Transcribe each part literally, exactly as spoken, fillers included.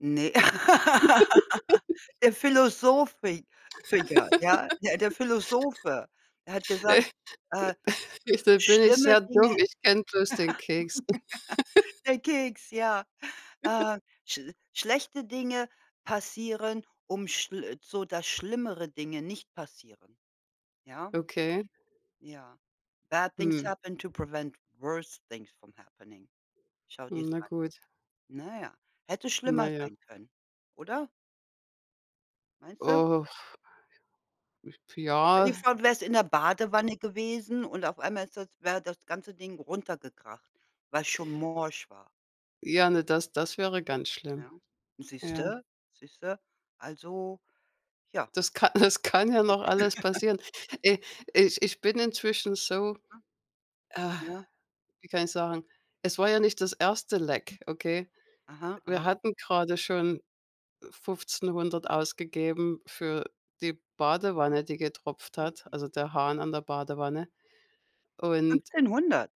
Ne. Der Philosophik phiker. Ja, ja der Philosophe, der hat gesagt, äh, Da bin ich öh, der bin schlimme sehr dumm, Dinge ich kenne bloß den Keks. der Keks, ja, äh. schl schlechte Dinge passieren, um schl so, dass schlimmere Dinge nicht passieren, ja? Okay. Ja. Bad things Hm. happen to prevent worst things from happening. Schau Hm, dir's na an. gut. Na ja, hätte Na schlimmer ja. sein können, oder? Meinste? Oh. Stell dir Ja. vor du wärst in der Badewanne gewesen und auf einmal ist das wäre das ganze Ding runtergekracht, weil's schon morsch war. Ja, ne das das wäre ganz schlimm. Ja, Ja. siehste, siehste, also ja. Das ka das kann ja noch alles passieren. E ich ich bin inzwischen so, Ja. äh Ja. wie kann ich sagen, es war ja nicht das erste Leck, okay? Aha, Wir aha. hatten grade schon Fünfzehnhundert ausgegeben für die Aha. Badewanne, die getropft hat Mhm. also der Hahn an der Badewanne. Und Fünfzehnhundert?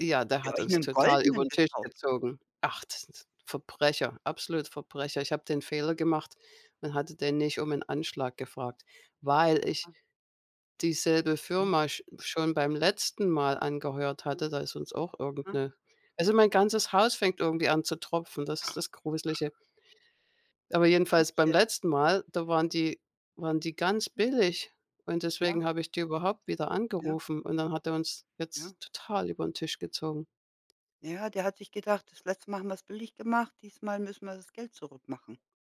Ja, der Habt ihr hat euch uns 'nen total goldenen übern Tisch gekauft? gezogen. Ach, das sind so Verbrecher, absolut Verbrecher. Ich habe den Fehler gemacht und hatte den nicht um 'nen Anschlag gefragt, weil ich Ah. dieselbe Mhm. Firma sch schon beim letzten Mal angeheuert hatte. Da ist uns auch irgend Aha. 'ne also mein ganzes Haus fängt irgendwie an zu tropfen, das ist das gruslige. Aber jedenfalls beim [unintelligible] letzten Mal, da waren die waren die ganz billig und Ja. deswegen habe ich die überhaupt wieder Ja. angerufen. Und dann hat er uns jetzt Ja. total übern Tisch gezogen. Ja, der hat sich gedacht, das letzte Mal haben wir's billig gemacht, diesmal müssen wir das Geld zurück machen.